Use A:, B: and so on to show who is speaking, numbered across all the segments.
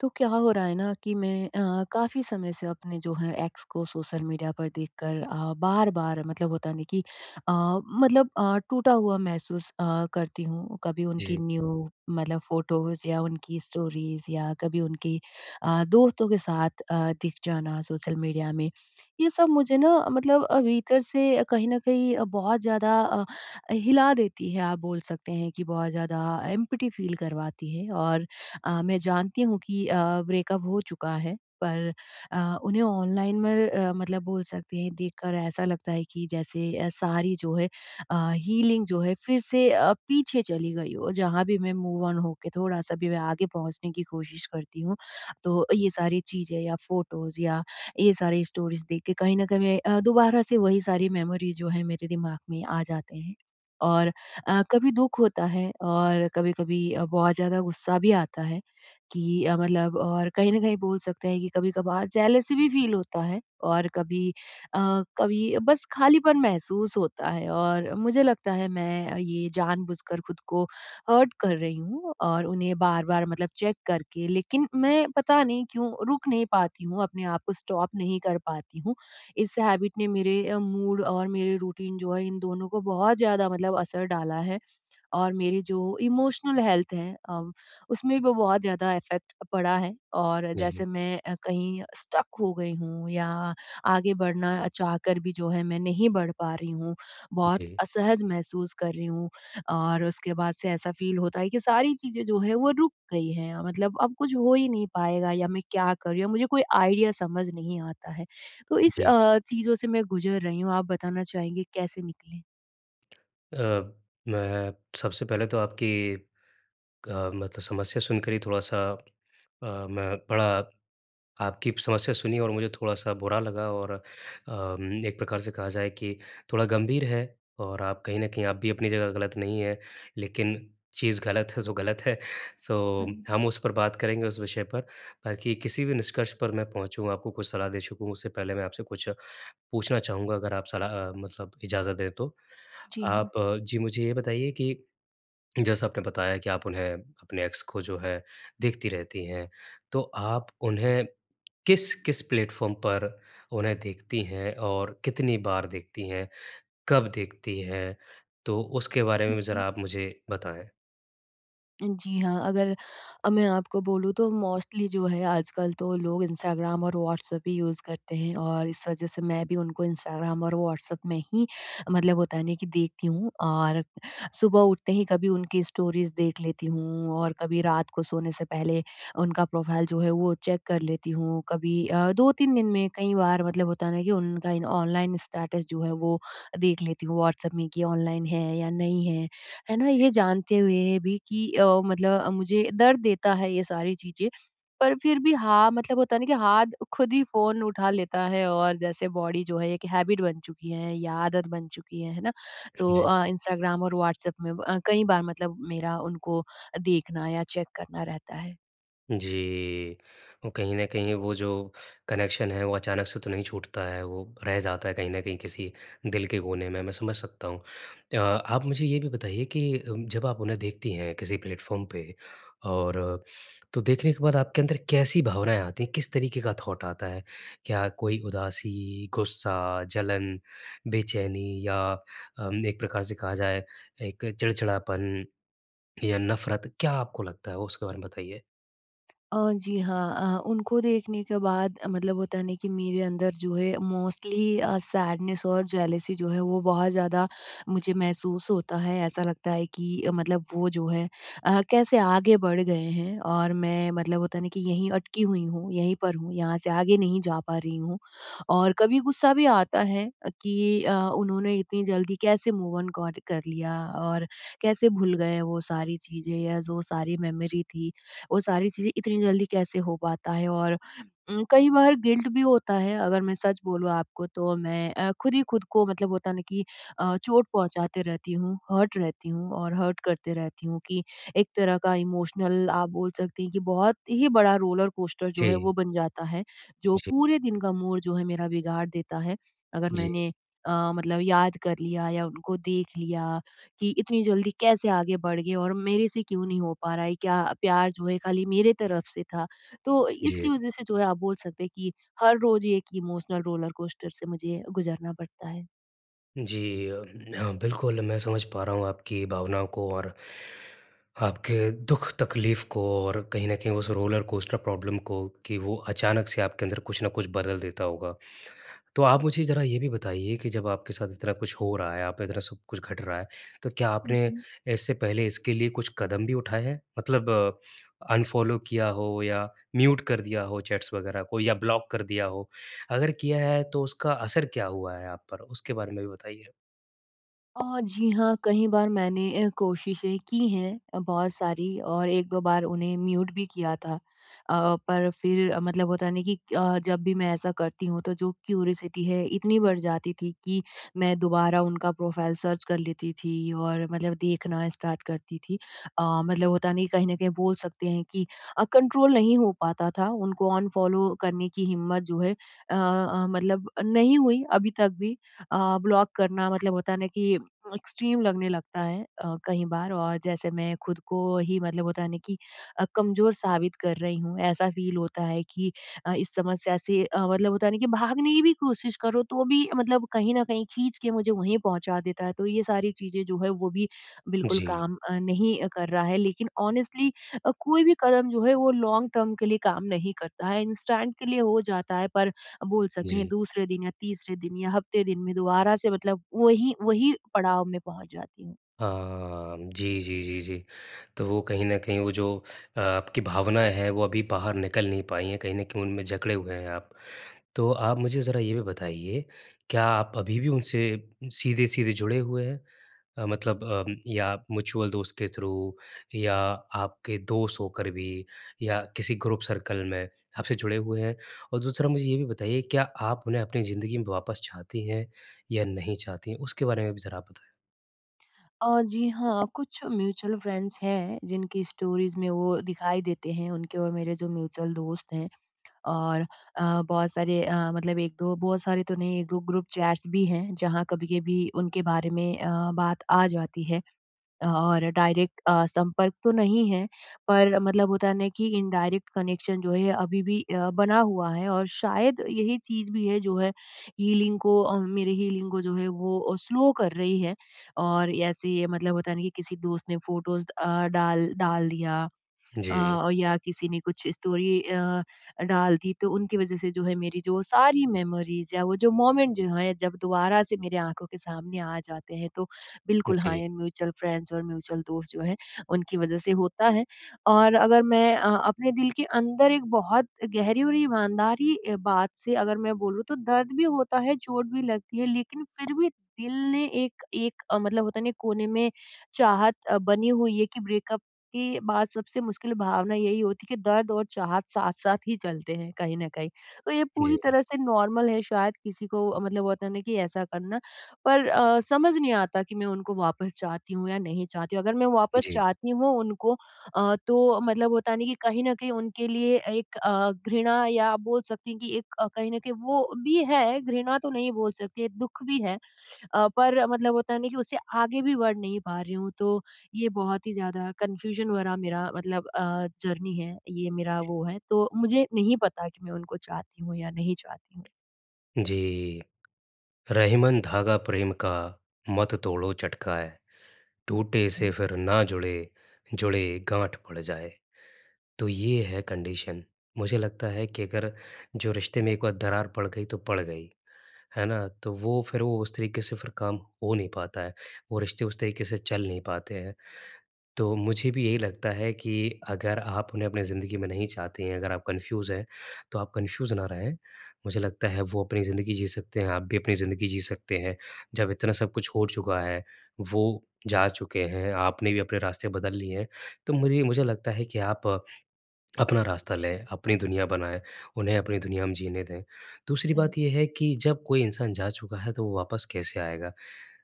A: तो क्या हो रहा है ना कि मैं अ, काफ़ी समय से अपने जो हैं, एक्स को सोशल मीडिया पर देख कर अ, बार-बार मतलब होता है ना कि अ, मतलब अ, टूटा हुआ महसूस अ, करती हूँ। कभी उनकी
B: जी।
A: न्यू मतलब फ़ोटोज़ या उनकी स्टोरीज़ या कभी उनकी अ, दोस्तों के साथ अ,‌ दिख जाना सोशल मीडिया में, ये सब मुझे ना मतलब अ, भीतर से कहीं न कहीं अ, बहुत ज़्यादा अ, हिला देती है। आप बोल सकते हैं कि बहुत ज़्यादा एम्पटी फ़ील करवाती है और अ, मैं जानती हूँ कि अ, ब्रेकअप हो चुका है, पर अ, उन्हें ऑनलाइन मर अ, मतलब बोल सकते हैं, देखकर ऐसा लगता है कि जैसे अ, सारी जो है अ, हीलिंग जो है, फिर से अ, पीछे चली गई हो। जहाँ भी मैं मूव ऑन हो के थोड़ा-सा भी मैं आगे पहुँचने की कोशिश करती हूँ, तो ये सारी चीज़ें या फ़ोटोज़ या ये सारी स्टोरीज़ देख के कहीं न कहीं मैं अ, दोबारा से वही सारी मेमोरीज़ जो है, मेरे दिमाग में आ जाते हैं और अ, कभी दुख होता है और कभी-कभी अ, बहुत ज़्यादा गुस्सा भी आता है कि अ, मतलब और कहीं न कहीं बोल सकते हैं कि कभी-कभार जेलेसी भी फ़ील होता है और कभी अ, कभी बस खालीपन महसूस होता है और मुझे लगता है, मैं अ, ये जानबूझकर खुद को हर्ट कर रही हूँ और उन्हें बार-बार मतलब चेक करके। लेकिन मैं पता नहीं क्यों रुक नहीं पाती हूँ, अपने आप को स्टॉप नहीं कर पाती हूँ। इस हैबिट ने मेरे अ, मूड और मेरे रूटीन जो है, इन दोनों को बहुत ज़्यादा मतलब असर डाला है और मेरी जो इमोशनल हेल्थ है अ, उसमें वो बहुत ज़्यादा इफेक्ट पड़ा है और
B: जी।
A: जैसे मैं अ, कहीं स्टक हो गई हूँ या आगे बढ़ना चाहकर भी जो है, मैं नहीं बढ़ पा रही हूँ। बहुत
B: जी।
A: असहज महसूस कर रही हूँ और उसके बाद से ऐसा फ़ील होता है कि सारी चीज़ें जो हैं, वो रुक गई हैं, मतलब अब कुछ हो ही नहीं पाएगा या मैं क्या कर रही हूँ, मुझे कोई आईडिया समझ नहीं आता है। तो इस
B: जी।
A: अ, चीज़ों से मैं गुज़र रही हूँ। आप बताना चाहेंगे कैसे निकलें?
B: अ, मैं सबसे पहले तो आपकी क अ, मतलब समस्या सुनकर ही थोड़ा-सा अ, मैं बड़ा आपकी समस्या सुनी और मुझे थोड़ा-सा बुरा लगा और अम, एक प्रकार से कहा जाए कि थोड़ा गंभीर है और आप कहीं न कहीं आप भी अपनी जगह गलत नहीं है। लेकिन चीज़ गलत हो तो गलत है सो
A: हाँ जी।
B: हम उस पर बात करेंगे उस विषय पर। बाकी किसी भी निष्कर्ष पर मैं पहुँचू आपको कुछ सलाह दे सकूँ उससे पहले मैं आपसे कुछ पूछना चाहूँगा अगर आप सलाह मतलब इजाज़त दें तो?
A: जी, हाँ।
B: आप जी मुझे ये बताइए कि, जैसा आपने बताया कि आप उन्हें अपने एक्स को जो है देखती रहती हैं तो आप उन्हें किस-किस प्लेटफ़ॉर्म पर उन्हें देखती हैं और कितनी बार देखती हैं? कब देखती हैं? तो उसके बारे
A: हुँ,
B: में भी
A: हुँ।
B: ज़रा आप मुझे बताएँ।
A: जी, हाँ अगर अ, मैं आपको बोलूँ तो मोस्टली जो है आजकल तो लोग इंस्टाग्राम और व्हाट्सएप ही यूज़ करते हैं और इस वजह से मैं भी उनको इंस्टाग्राम और व्हाट्सएप में ही मतलब होता है न कि देखती हूँ। और सुबह उठते ही कभी उनकी स्टोरीज़ देख लेती हूँ और कभी रात को सोने से पहले उनका प्रोफ़ाइल जो है वो चेक कर लेती हूँ कभी अ, 2-3 दिन में कई बार मतलब होता है ना कि उनका ऑनलाइन स्टेटस जो है वो देख लेती हूँ व्हाट्सएप में कि ऑनलाइन है या नहीं है। है ना? ये
B: जी।
A: जानते हुए भी कि अ, मतलब मुझे दर्द देता है ये सारी चीज़ें पर फ़िर भी हाँ मतलब होता है ना कि हाथ खुद ही फ़ोन उठा लेता है और जैसे बॉडी जो है 1 हैबिट बन चुकी है या आदत बन चुकी है। है ना?
B: हाँ
A: तो
B: जी।
A: अ, इंस्टाग्राम और व्हाट्सएप में ब कई बार मतलब मेरा उनको देखना या चेक करना रहता है।
B: जी। और कहीं न कहीं वो जो कनेक्शन है वो अचानक से तो नहीं छूटता है वो रह जाता है कहीं न कहीं किसी दिल के कोने में, मैं समझ सकता हूँ। अ आप मुझे ये भी बताइए कि उम, जब आप उन्हें देखती हैं किसी प्लेटफ़ॉर्म पे और तो देखने के बाद आपके अंदर कैसी भावनाएँ आती हैं किस तरीके का थॉट आता है? क्या कोई उदासी, गुस्सा, जलन, बेचैनी या उम, 1 प्रकार से कहा जाए 1 चिड़चिड़ापन। या नफ़रत क्या आपको लगता है? वो उसके बारे में बताइए।
A: अ, जी, हाँ। अ, उनको देखने के बाद मतलब होता है ना, कि मेरे अंदर जो है मोस्टली अ, सैडनेस और जेलसी जो है वो बहुत ज़्यादा मुझे महसूस होता है ऐसा लगता है कि मतलब वो जो है अ, कैसे आगे बढ़ गए हैं? और मैं मतलब होता है ना कि यहीं अटकी हुई हूँ यहीं पर हूँ यहाँ से आगे नहीं जा पा रही हूँ। और कभी गुस्सा भी आता है अ, कि अ, उन्होंने इतनी जल्दी कैसे मूव-ऑन कॉट कर लिया और कैसे भूल गए वो सारी चीज़ें या जो सारी मेमोरी थी। वो सारी चीज़ें इतनी जल्दी कैसे हो पाता है और उम, कई बार गिल्ट भी होता है अगर मैं सच बोलूँ आपको तो मैं अ, ख़ुद ही ख़ुद को मतलब होता है ना कि अ, चोट पहुँचाती रहती हूँ हर्ट रहती हूँ और हर्ट करती रहती हूँ कि एक तरह का इमोशनल आप बोल सकती हैं ये बहुत ही बड़ा रोलर-कोस्टर जो है वो
B: जी।
A: बन जाता है। जो
B: जी।
A: पूरे दिन का मूड जो है मेरा बिगाड़ देता है। अगर
B: जी।
A: मैंने अ, मतलब याद कर लिया या उनको देख लिया कि इतनी जल्दी कैसे आगे बढ़ गए और मेरे से क्यों नहीं हो पा रहा है क्या प्यार जो है खाली मेरे तरफ़ से था? तो इसकी
B: जी।
A: वज़ह से जो है आप बोल सकते हैं कि हर रोज़ एक इमोशनल रोलर-कोस्टर से मुझे ये गुज़रना पड़ता है।
B: जी अम, हाँ, बिल्कुल, मैं समझ पा रहा हूँ आपकी भावनाओं को और आपके दुःख-तकलीफ़ को, और कहीं न कहीं उस रोलर कोस्टर प्रॉब्लम को कि वो अचानक से आपके अंदर कुछ न कुछ बदल देता होगा। तो आप मुझे ज़रा ये भी बताइए कि, जब आपके साथ इतना कुछ हो रहा है, आप इतना सब कुछ घट रहा है, तो क्या
A: हुँ,
B: आपने
A: हुँ।
B: इससे पहले इसके लिए कुछ कदम भी उठाए हैं, मतलब अनफॉलो किया हो या म्यूट कर दिया हो चैट्स वगैरह को या ब्लॉक कर दिया हो? अगर किया है तो उसका असर क्या हुआ है आप पर, उसके बारे में भी बताइए।
A: अ, जी हाँ कहीं बार मैंने अ, कोशिशें की हैं अ, बहुत सारी और 1-2 बार उन्हें म्यूट भी किया था। अ, पर फिर मतलब होता है न कि अ, जब भी मैं ऐसा करती हूँ, तो जो क्यूरियोसिटी है, इतनी बढ़ जाती थी, कि मैं दोबारा उनका प्रोफाइल सर्च कर लेती थी और मतलब देखना स्टार्ट करती थी। अ, मतलब होता है न कि कहीं न कहीं बोल सकते हैं कि अ, कंट्रोल नहीं हो पाता था, उनको अनफॉलो करने की हिम्मत जो है अ अ, मतलब अ, नहीं हुई अभी तक भी। अ, ब्लॉक करना मतलब होता है न कि एक्सट्रीम लगने लगता है अ, कहीं बार, और जैसे मैं खुद को ही मतलब होता है न कि अ, कमज़ोर साबित कर रही हूँ। ऐसा फ़ील होता है कि अ, इस समस्या से अ, मतलब होता है न कि भागने की भी कोशिश करो, तो भी मतलब कहीं न कहीं खींच के मुझे वहीं पहुँचा देता है। तो ये सारी चीज़ें जो हैं, वो भी बिल्कुल
B: जी।
A: काम अ, नहीं कर रहा है। लेकिन ऑनेस्टली अ, कोई भी कदम जो है वो लॉन्ग टर्म के लिए काम नहीं करता है, इंस्टेंट के लिए हो जाता है पर अ, बोल सकते हैं,
B: जी।
A: दूसरे दिन या तीसरे दिन या हफ़्ते दिन में दोबारा से मतलब वही, वही पड़ाव में पहुँच जाती हूँ।
B: हाँ म, जी, जी, जी, जी। तो वो कहीं न कहीं वो जो अ, आपकी भावनाएँ हैं, वो अभी बाहर निकल नहीं पाई हैं, कहीं न कहीं उनमें जकड़े हुए हैं आप। तो आप मुझे ज़रा ये भी बताइए, क्या आप अभी भी उनसे सीधे-सीधे जुड़े हुए हैं अ, मतलब अम, या म्यूचुअल दोस्त के थ्रू या आपके दोष होकर भी या किसी ग्रुप सर्कल में, आपसे जुड़े हुए हैं? और दूसरा मुझे ये भी बताइए, क्या आप उन्हें अपनी ज़िंदगी में वापस चाहती हैं या नहीं चाहती? उसके बारे में भी ज़रा आप बताएँ।
A: अ, जी। हाँ, कुछ म्यूचुअल फ्रेंड्स हैं जिनकी स्टोरीज़ में वो दिखाई देते हैं उनके और मेरे जो म्यूचुअल दोस्त हैं। और अ, बहुत सारे अ, मतलब 1-2 बहुत सारे तो नहीं 1-2 ग्रुप चैट्स भी हैं जहाँ कभी-कभी उनके बारे में अ, बात आ जाती है। अ, और डायरेक्ट अ, संपर्क तो नहीं है पर मतलब होता है ना कि इनडायरेक्ट कनेक्शन जो है अभी भी अ, बना हुआ है और शायद यही चीज़ भी है जो है, हीलिंग को अ, मेरे हीलिंग को जो है, वो अ, स्लो कर रही है। और ऐसे ये मतलब होता है ना कि किसी दोस्त ने फ़ोटोज़ अ, डाल डाल दिया।
B: जी।
A: अ, या किसी ने कुछ स्टोरी अ, डाल दी तो उनकी वज़ह से जो है मेरी जो सारी मेमोरीज़ या वो जो मोमेंट जो है जब दोबारा से मेरे आँखों के सामने आ जाते हैं तो बिल्कुल हाँ,
B: जी।
A: ये म्यूचुअल फ्रेंड्स और म्यूचुअल दोस्त जो हैं उनकी वज़ह से होता है। और अगर मैं अ, अपने दिल के अंदर एक बहुत गहरी और ईमानदारी बात से अगर मैं बोलूँ तो दर्द भी होता है, चोट भी लगती है लेकिन फिर भी दिल ने एक एक मतलब होता नहीं कोने में चाहत अ, बनी हुई है कि ब्रेकअप के बाद सबसे मुश्किल भावना यही होती है कि दर्द और चाहत साथ-साथ ही चलते हैं कहीं न कहीं। तो ये पूरी
B: जी।
A: तरह से नॉर्मल है शायद किसी को मतलब होता है कि ऐसा करना। पर अ, समझ नहीं आता कि मैं उनको वापस चाहती हूँ या नहीं चाहती हूँ, अगर मैं वापस
B: जी।
A: चाहती हूँ उनको अ, तो मतलब होता है ना कि कहीं न कहीं उनके लिए एक अ, घृणा या आप बोल सकती हैं कि एक अ, कहीं न कहीं वो भी है घृणा तो नहीं बोल सकती, दुःख भी है। अ, पर मतलब होता है ना कि उससे आगे भी बढ़ नहीं पा रही हूँ तो, ये बहुत ही ज़्यादा कन्फ्यूजन भरा मेरा मतलब अ, जर्नी है ये मेरा वो है तो मुझे नहीं पता कि मैं उनको चाहती हूँ या नहीं चाहती हूँ।
B: जी। रहीमन धागा प्रेम का मत तोड़ो चटकाए, टूटे
A: हाँ
B: से
A: जी।
B: फिर ना जुड़े, जुड़े गाँठ पड़ जाए। तो ये है कंडीशन। मुझे लगता है कि अगर जो रिश्ते में एक बार दरार पड़ गई तो पड़ गई। है ना? तो वो फिर वो उस तरीके से फिर काम हो नहीं पाता है वो रिश्ते उस तरीके से चल नहीं पाते हैं। तो मुझे भी यही लगता है कि अगर आप उन्हें अपने ज़िंदगी में नहीं चाहती हैं अगर आप कन्फ्यूज हैं तो आप कन्फ्यूज ना रहें मुझे लगता है वो अपनी ज़िंदगी जी सकते हैं, आप भी अपनी ज़िंदगी जी सकते हैं। जब इतना सब कुछ हो चुका है, वो जा चुके हैं आपने भी अपने रास्ते बदल लिए हैं। तो मुरी मुझे लगता है कि आप अपना रास्ता लें अपनी दुनिया बनाएँ उन्हें अपनी दुनिया में जीने दें। दूसरी
A: हाँ, जी।
B: बात ये है कि जब कोई इंसान जा चुका है तो वो वापस कैसे आएगा?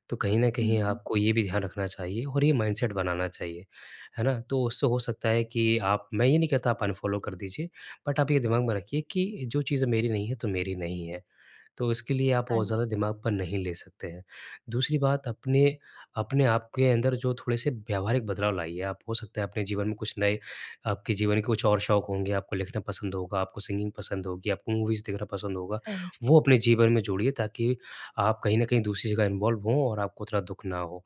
B: तो कहीं न
A: हुँ,
B: कहीं
A: हुँ।
B: आपको ये भी ध्यान रखना चाहिए और ये माइंडसेट बनाना चाहिए। है ना? तो उससे हो सकता है कि आप मैं ये नहीं कहता आप अनफ़ॉलो कर दीजिए बट आप ये दिमाग में रखिए कि जो चीज़ें मेरी नहीं है तो मेरी नहीं है। तो इसके लिए आप
A: हाँ
B: बहुत
A: जी।
B: ज़्यादा दिमाग पर नहीं ले सकते हैं। दूसरी बात अपने अपने आपके अंदर जो थोड़े-से व्यावहारिक बदलाव लाइए आप हो सकता है अपने जीवन में कुछ नए आपके जीवन के कुछ और शौक होंगे आपको लिखना पसंद होगा, आपको सिंगिंग पसंद होगी आपको मूवीज़ देखना पसंद होगा।
A: हाँ, जी।
B: वो अपने जीवन में जोड़िए ताकि आप कहीं न कहीं दूसरी जगह इन्वॉल्व हो और आपको इतना दुःख ना हो।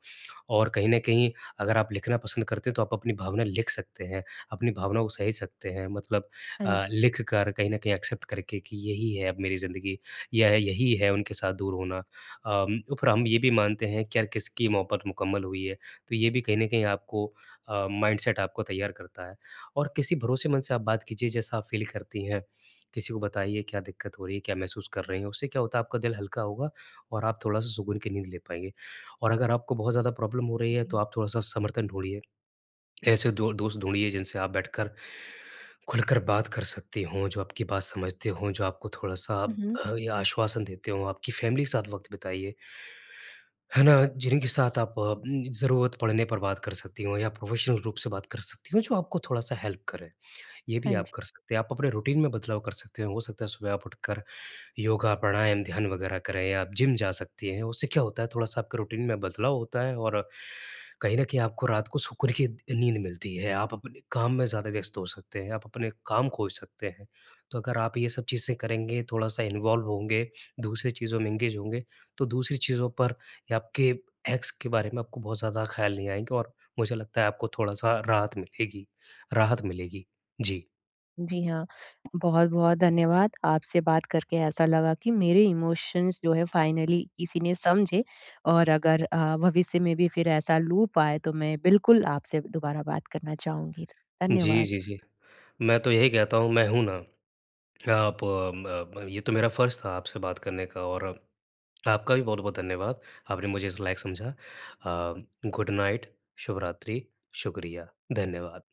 B: और कहीं न कहीं अगर आप लिखना पसंद करते हैं तो आप अपनी भावना लिख सकते हैं, अपनी भावना को सहेज सकते हैं मतलब
A: हाँ,
B: अ,
A: जी।
B: लिखकर कहीं न कहीं एक्सेप्ट करके कि यही है अब मेरी ज़िंदगी यह यही है उनके साथ दूर होना। अम, पर हम ये भी मानते हैं कि यार किसकी मोहबत मुकम्मल हुई है, तो ये भी कहीं न कहीं आपको अ, माइंडसेट आपको तैयार करता है। और किसी भरोसेमंद से आप बात कीजिए जैसा आप फील करती हैं। किसी को बताइए क्या दिक्कत हो रही है क्या महसूस कर रही हैं उससे क्या होता है आपका दिल हल्का होगा और आप थोड़ा-सा सुकून की नींद ले पाएँगे। और अगर आपको बहुत ज़्यादा प्रॉब्लम हो रही है तो
A: जी।
B: आप थोड़ा-सा समर्थन ढूँढ़िए। ऐसे 2 दोस्त ढूँढ़िए जिनसे आप बैठकर खुलकर बात कर सकते हो, जो आपकी बात समझते हो, जो आपको थोड़ा-सा
A: हुँ, हुँ।
B: या आश्वासन देते हो, आपकी फैमिली के साथ वक़्त बिताइए। है ना? जिनके साथ आप उम, ज़रूरत पड़ने पर बात कर सकती हो या प्रोफ़ेशनल रूप से बात कर सकती हो जो आपको थोड़ा-सा हेल्प करें। ये
A: हाँ,
B: भी
A: जी।
B: आप कर सकते हैं आप अपने रूटीन में बदलाव कर सकते हैं। हो सकता है सुबह आप उठकर योगा, प्राणायाम, ध्यान वगैरह करें आप जिम जा सकती हैं, उससे क्या होता है थोड़ा-सा आपके रूटीन में बदलाव होता है और कहीं न कहीं आपको रात को सुकून की नींद मिलती है आप अपने काम में ज़्यादा व्यस्त हो सकते हैं, आप अपने काम खोज सकते हैं। तो अगर आप ये सब चीज़ें करेंगे, थोड़ा-सा इन्वॉल्व होंगे, दूसरी चीज़ों में एंगेज होंगे तो दूसरी चीज़ों पर आपके एक्स के बारे में आपको बहुत ज़्यादा ख़्याल नहीं आएँगे और मुझे लगता है आपको थोड़ा-सा राहत मिलेगी राहत मिलेगी। जी।
A: जी। हाँ, बहुत-बहुत धन्यवाद आपसे बात करके ऐसा लगा कि मेरे इमोशन्स जो है फाइनली किसी ने समझे। और अगर अ, भविष्य में भी फिर ऐसा लूप आए तो मैं बिल्कुल आपसे दुबारा बात करना चाहूँगी। ध
B: जी,
A: धन्यवाद।
B: जी, जी। मैं तो यही कहता हूँ, मैं हूँ ना, आप अम, अ, ये तो मेरा फ़र्ज़ था आपसे बात करने का और अप आपका भी बहुत-बहुत धन्यवाद। आपने मुझे इस लायक समझा। अ, गुड नाइट शुभरात्रि, शुक्रिया, धन्यवाद।